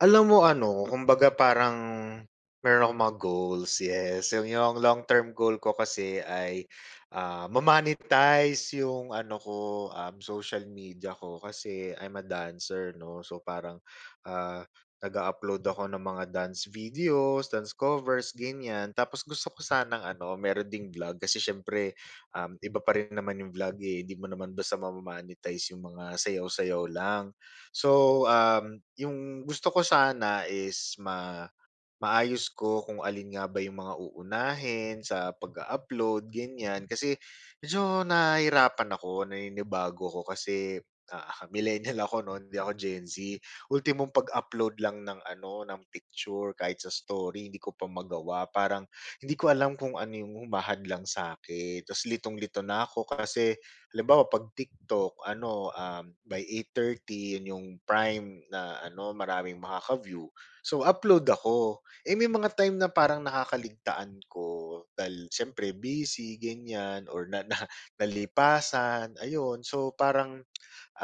Alam mo ano, kumbaga parang meron akong mga goals, yes. Yung yung long term goal ko kasi ay, ah, ma-monetize yung ano ko, um, social media ko. Kasi I'm a dancer 'no. So parang, ah, nag-a-upload ako ng mga dance videos, dance covers, ganyan. Tapos gusto ko sanang ano, meron ding vlog, kasi syempre, um, iba pa rin naman yung vlog, eh. Hindi mo naman basta ma-mo-monetize yung mga sayaw-sayaw lang. So, um, yung gusto ko sana is ma maayos ko kung alin nga ba yung mga uunahin sa pag-a-upload, ganyan. Kasi medyo nahirapan ako, naninibago ako, kasi, ah, millenial ako 'no, hindi ako Gen Z. Ultimong pag-upload lang ng ano ng picture, kahit sa story hindi ko pa magawa, parang hindi ko alam kung ano 'yong humahadlang sa'kin, 'tas litong-lito na ako kasi halimbawa pag TikTok ano, um, by 8:30 yun yung prime na ano maraming makaka-view, so upload ako. Eh, may mga time na parang nakakaligtaan ko, dahil syempre busy ganyan or na na nalipasan ayun. So parang,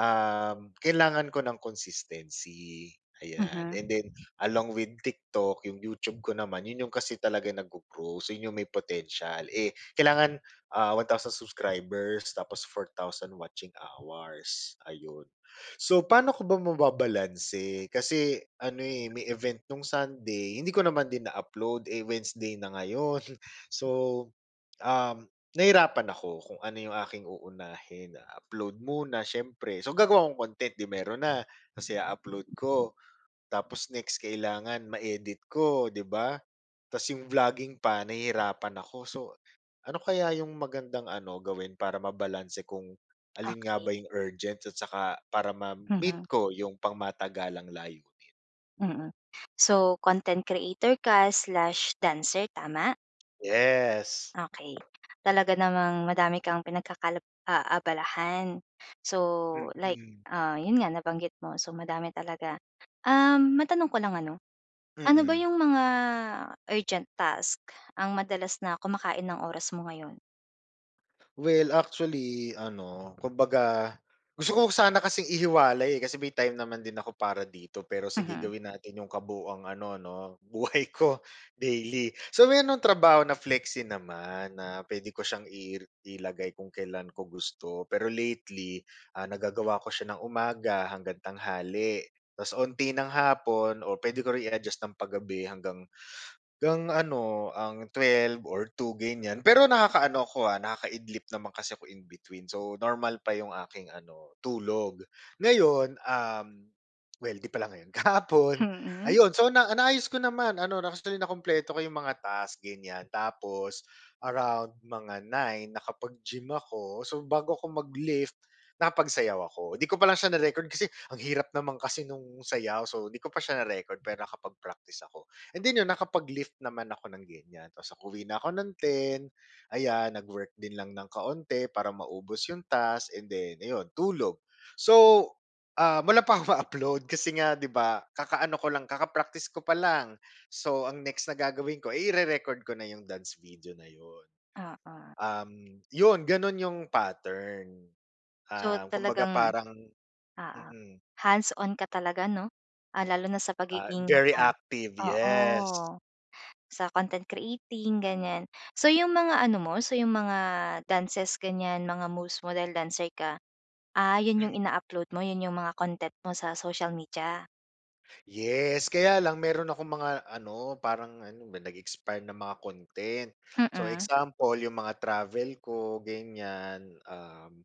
um kailangan ko ng consistency ayan Mhm. and then along with TikTok, yung YouTube ko naman 'yon 'yong kasi talaga nag-go-grow so 'yon 'yong may potential, eh, kailangan ah 1,000 subscribers tapos 4,000 watching hours, ayun. So pa'no ko ba mababalanse, kasi ano, eh, may event nung Sunday, hindi ko naman din na-upload, eh, Wednesday na ngayon. So, um, nahirapan ako kung ano 'yong aking uunahin, upload muna syempre, so gagawa kong content, 'di meron na, 'tas i-u-upload ko, tapos next kailangan ma-edit ko 'di ba, 'tas 'yong vlogging pa nahihirapan ako. So, ano kaya 'yong magandang ano gawin, para mabalanse kung alin nga ba Okey. 'yong urgent at saka para ma-meet Mhm. ko 'yong pangmatagalang layunin? Mm. So, content creator ka/dancer tama? Yes! Okey, talaga namang madami kang pinagkaka aabalahan so, like, Mhm. ah, iyon nga nabanggit mo. So madami talaga. Um, matanong ko lang ano, ano ba Mm. yung mga urgent task, ang madalas na kumakain ng oras mo ngayon? Well actually, ano, kumbaga, gusto ko sana kasing ihiwalay kasi may time naman din ako para dito pero sige, Mhm. gawin natin yung kabuuang ano 'no buhay ko daily. So, mayroon akong trabaho na flexi naman, na pwede ko siyang i ilagay kung kailan ko gusto pero lately, ah, nagagawa ko siya ng umaga hanggang tanghali. Tapos unti ng hapon o pwede ko rin i-adjust ng pa-gabi hanggang hanggang ano ang 12 or 2 ganyan. Pero nakakaano ako, ah, nakakaidlip naman kasi ako in between so, normal pa yung aking ano tulog. Ngayon, um, well 'di pala ngayon kahapon Mm. ayun so, na naayos ko naman ano actually, nakumpleto ko yung mga task ganyan tapos, around mga 9 nakapag-gym ako. So, bago ako mag-lift nakapagsayaw ako. 'Di ko pa lang siya na-record kasi ang hirap naman kasi nung sayaw so, 'di ko pa siya na-record pero nakapag-practice ako. And then iyon nakapag-lift naman ako ng ganyan tapos uwi na ako ng 10 ayan nag-work din lang ng kaunti para maubos yung task and then ayun, tulog. So, ah, wala pa ako ma upload kasi nga 'di ba kakaano ko lang kaka-practice ko pa lang so, ang next na gagawin ko, eh, i-re-record ko na yung dance video na iyon. Oo. Um, iyon ganon yung pattern, So, ah, kumbaga talagang parang oo mm. hands-on ka talaga 'no. Ah, lalo na sa Ah, pagiging very ay, active, oo yes. sa content creating, ganyan. So, yung mga ano mo, so yung mga dances ganyan, mga most model dancer ka, ah, iyon yung Mm. ina-upload mo iyon yung mga content mo sa social media? Yes. Kaya lang meron akong mga ano, parang ano ba, nag-expire na mga content. So Mm. example, yung mga travel ko ganiyan, um,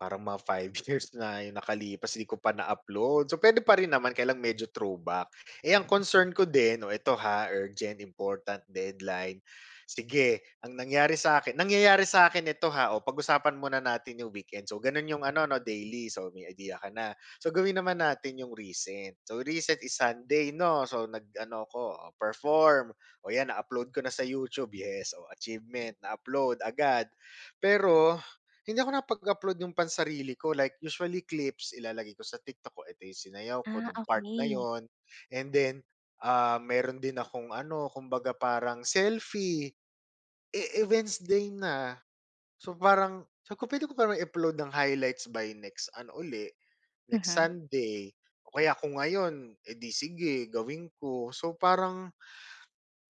parang mga 5 years na yung nakalipas, 'di ko pa na-upload. So, puwede pa rin naman kaya lang medyo throwback. Eh, ang concern ko din, oh, ito, ha, urgent, important deadline. Sige, ang nangyari sa'kin, nangyayari sa'kin ito, ha, oh, pag-usapan muna natin yung weekend. So gano'n yung ano 'no, daily. So, may idea ka na. So, gawin naman natin yung recent, so recent is Sunday 'no. So, nag ano ako, oh, perform. Oh, 'yan na-upload ko na sa YouTube, yes, oh, achievement, na-upload agad, pero hindi ako nakapag-upload nung pansarili ko, like usually clips, ilalagay ko sa TikTok ko, edi sinayaw ko Ah, nung part na okey. yun, and then, ah, meron din akong ano, kumbaga parang selfie. Eh, eh, wednesday na, so parang, sabi ko puwede ko parang i-upload ng highlights by next ano uli, next Mhm. Sunday, o kaya kung ngayon, edi sige gawin ko. So, parang,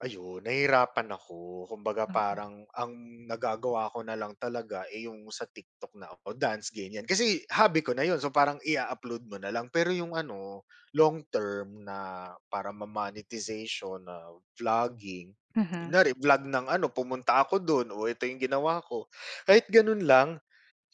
ayun nahirapan ako. Kumbaga Mm. parang ang nagagawa ko na lang talaga, eh, yung sa TikTok na ako, dance ganiyan, kasi hobby ko na 'yon, so parang i-a-upload mo na lang, pero yung ano, long term na para ma-monetization na vlogging, Mhm. kunyari vlog ng ano, pumunta ako do'n, oh, ito yung ginawa ko, kahit gano'n lang,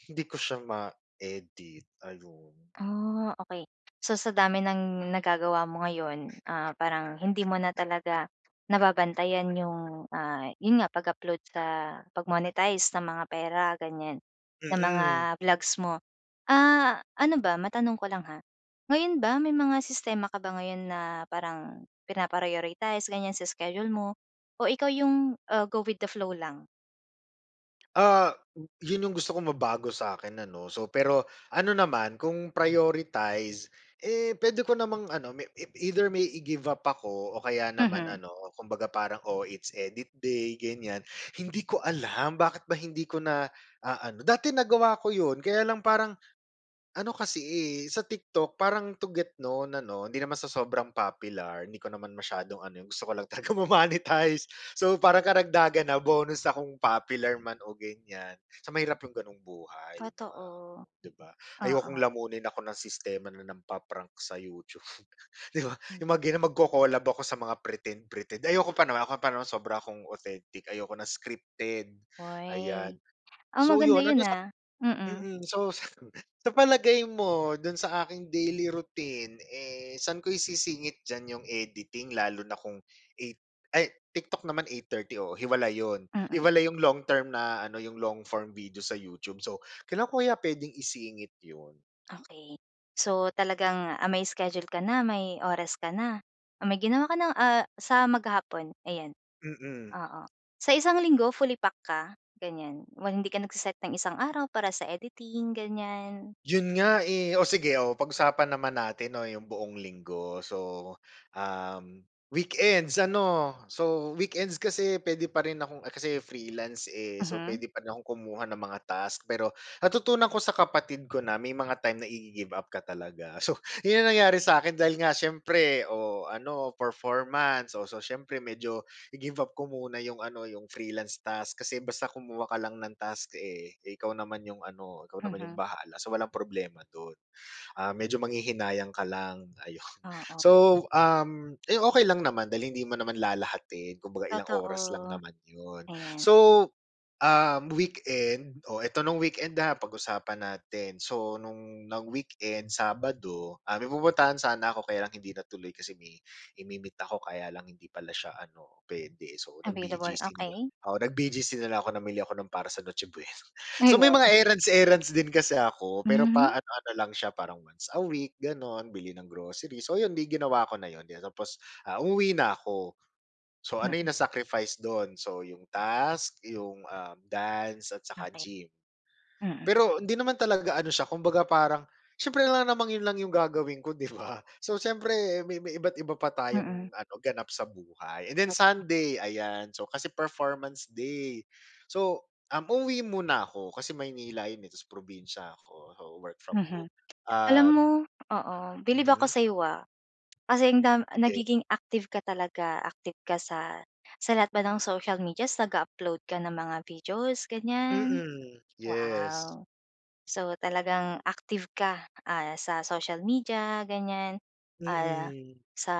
hindi ko siya ma-edit, ayun. Ah, okey. So, sa dami ng nagagawa mo ngayon, ah, parang hindi mo na talaga nababantayan yung, ah, 'yon nga, pag-upload sa pag-monetize ng mga pera ganiyan, ng mga Mm. vlogs mo. Ah, ano ba, matanong ko lang, ha, ngayon ba may mga sistema ka ba ngayon na parang pina-prioritize ganiyan, sa schedule mo? O ikaw yung, ah, go with the flow lang? Ah, yun yung gusto kong mabago sa'kin ano. So, pero ano naman, kung prioritize, eh, pwede ko namang ano, may i either may i-give up ako o kaya naman Mhm. ano, kumbaga parang," Oh, it's edit day, ganyan." Hindi ko alam bakit ba hindi ko na aano. Dati nagawa ko yun kaya lang parang ano kasi, eh, sa TikTok parang to get known ano, hindi naman sa sobrang popular. Hindi ko naman masyadong ano, gusto ko lang talaga ma monetize. So, parang karagdagan na, bonus na kung popular man o ganyan. Sa mahirap 'yong ganong buhay, 'yong mga Totoo. ano, 'di ba? Ayokong Oo. lamunin ako ng sistema na nang-pa-prank sa YouTube, 'di ba? M 'Yong mga ganun, mag-co-collab ako sa mga pretend, pretend. Ayoko pa naman. Ako pa naman sobra akong authentic, ayoko na scripted, Hoy! ayan. Ah, So, maganda 'yon yun, ano sa ah, mm. mm. So, sa palagay mo, do'n sa aking daily routine, eh, saan ko isisingit diyan 'yong editing lalo na kung 8 ay TikTok naman 8:30, oo, hiwalay 'yon. Mm. Hiwalay 'yong long term na ano, 'yong long form video sa YouTube. So, kailan ko kaya puwedeng isingit 'yon? Okey. So, talagang, ah, may schedule ka na, may oras ka na. May ginawa ka na, ah, sa maghapon, ayan. Mm. Oo. Sa isang linggo fully pack ka, ganyan? Hindi ka nag-se-set ng isang araw para sa editing, ganyan? 'Yon nga, eh. Oh, sige, oo. Pag-usapan naman natin 'no, 'yong buong Linggo. So, um, weekends ano? So, weekends kasi puwede pa rin akong kasi freelance, eh. So, Mhm. puwede pa rin akong kumuha ng mga task, pero natutunan ko sa kapatid ko na may mga time na igi-give-up ka talaga. So, 'yon 'yong nangyari sa akin dahil nga siyempre o ano, performance o so, siyempre medyo i-give-up ko muna 'yong ano, 'yong freelance task kasi basta kumuha ka lang ng task, eh. Ikaw naman 'yong ano, ikaw naman 'yong Mhm. bahala. So, walang problema do'n. Ah, medyo manghihinayang ka lang, ayun. Oo. So, um, ayun, okey lang naman dahil hindi mo naman lalahatin, kumbaga ilang oras lang Totoo, naman 'yon. ayan. So, ah, weekend oh, 'eto no'ng weekend ha, pag-usapan natin. So, no'ng nang weekend, Sabado, ah, may pupuntahan sana ako kaya lang hindi natuloy kasi may imi-meet ako kaya lang hindi pala siya ano, puwede. So, Available, nag-BGC na lang. okey. Oo, nag-BGC na lang ako, namili ako ng para sa Noche Buena. Ay So, may wow! mga errands, errands din kasi ako, pero pa Mhm. ano-ano lang siya, parang once a week, gano'n, bili ng groceries. So, 'yon 'di ginawa ko na 'yon tapos, ah, umuwi na ako. So, ano yung Mm. na sacrifice dun? So, yung task, yung, ah, dance at saka Okey, gym. mm. Pero hindi naman talaga ano siya, kumbaga parang siyempre alangan namang yun lang yung gagawin ko, di ba? So, siyempre may may iba't iba pa Mm. tayong ano, ganap sa buhay. And then Sunday, ayan. So, kasi performance day. So, um, uuwi muna ako kasi Maynila yun, eh, tapos probinsiya ako. So, work from Mhm. home, Alam um mo oo. Bilib ako mhm. sa'yo, ah, kasi ang dam Sige. nagiging active ka talaga. Active ka sa sa lahat ba ng social medias nag-a-upload ka ng mga videos, ganyan? Mm, yes. Wow! So, talagang active ka, ah, sa social media, ganyan, ah, Mm. sa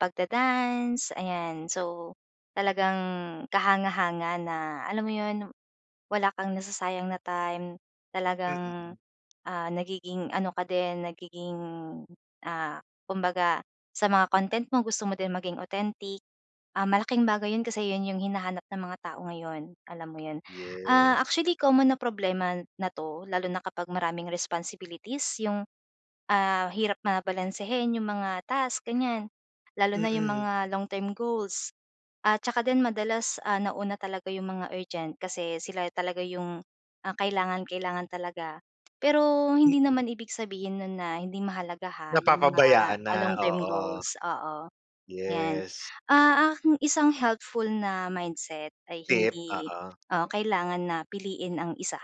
pag-da-dance, ayan. So, talagang kahanga-hanga na alam mo 'yon, wala kang nasasayang na time. Talagang, Mm. ah, nagiging ano ka din, nagiging, ah, kumbaga sa mga content mo, gusto mo din maging authentic. Ah, malaking bagay yun kasi yun yung hinahanap ng mga tao ngayon, alam mo yun. Ah, Yes. actually, common na problema na 'to lalo na kapag maraming responsibilities yung, ah, hirap na balansehin 'yong mga task, ganyan. Lalo na 'yong Mm. mga long term goals. At tsaka din madalas, ah, nauna talaga 'yong mga urgent kasi sila talaga 'yong, ah, kailangang-kailangan talaga. Pero hindi Mm. naman ibig sabihin no'n na hindi mahalaga ha, 'yong mga, Napapabayaan ah, na, long term oo. goals, oo. Yan, Yes. ah, ang isang helpful na mindset ay Tip, hindi, oo. ah, kailangan na piliin ang isa,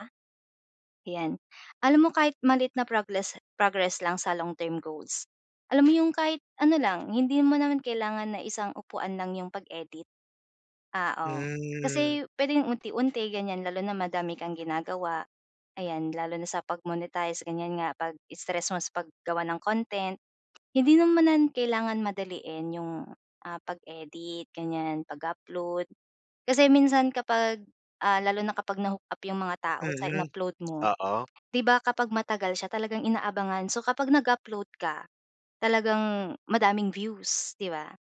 'yan. Alam mo kahit maliit na progless progress lang sa long term goals. Alam mo yung kahit ano lang, hindi mo naman kailangan na isang upuan lang 'yong pag-edit. Ah, oh. Hmm. Kasi puwedeng unti-unti, ganyan. Lalo na madami kang ginagawa, ayan. Lalo na sa pag-monetize, ganyan nga 'pag stress mo sa paggawa ng content. Hindi naman kailangan madaliin 'yong, ah, pag-edit ganyan, pag-upload. Kasi minsan kapag, ah, lalo na kapag na-hook-up 'yong mga tao sa Mhm, in-upload mo, oo. 'di ba kapag matagal siya talagang inaabangan. So, kapag nag-upload ka, talagang madaming views, 'di ba?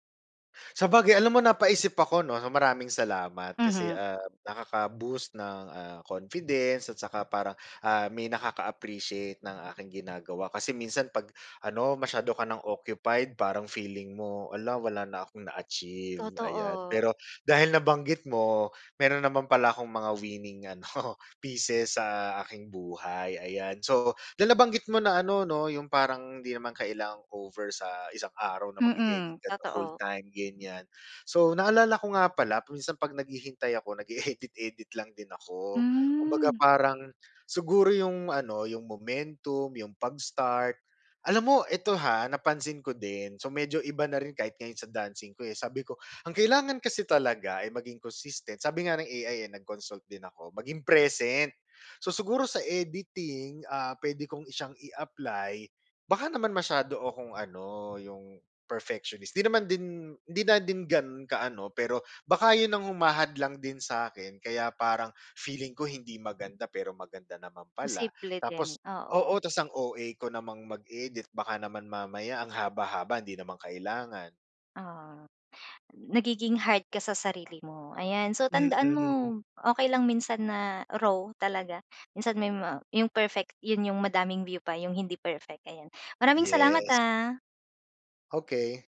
Sabagay, alam mo napaisip ako 'no. Maraming salamat. Kasi, Mhm. ah, nakaka-boost ng, ah, confidence at tsaka parang, ah, may nakaka-appreciate ng aking ginagawa. Kasi minsan pag ano, masyado ka ng occupied parang feeling mo, "Hala, wala na akong na-achieve." ayan. Totoo. Pero dahil nabanggit mo, meron naman pala akong mga winning ano, pieces sa aking buhay, ayan. So dahil nabanggit mo na ano 'no, yung parang hindi naman kailangang over sa isang araw na mag-e-edit Mm, ka the whole totoo. time, ganyan, so naalala ko nga pala, minsan pag naghihintay ako, nag-e-edit-edit lang din ako. Kumbaga Hmm. parang siguro yung ano, yung momentum, yung pag-start. Alam mo, ito ha, napansin ko din, so medyo iba na rin, kahit ngayon sa dancing ko, eh. Sabi ko, ang kailangan kasi talaga ay maging consistent, sabi nga ng AI, eh, nag-consult din ako, maging present. So siguro sa editing, ah, pwede kong syang i-apply baka naman masyado akong ano, yung perfectionist, di naman din hindi na din gano'n ka ano, pero baka yun ang humahadlang din sa 'kin, kaya parang feeling ko hindi maganda, pero maganda naman pala. Posible din, Tapos oo. oo, ta's ang OA ko namang mag-edit, baka naman mamaya ang haba-haba hindi naman kailangan. Ah, nagiging hard ka sa sarili mo. Ayan, so tandaan Mm. mo, okey lang minsan na raw talaga. Minsan may ma 'yong perfect 'yon 'yong madaming view pa, 'yong hindi perfect, ayan. Maraming salamat, Yes. ah. Okey.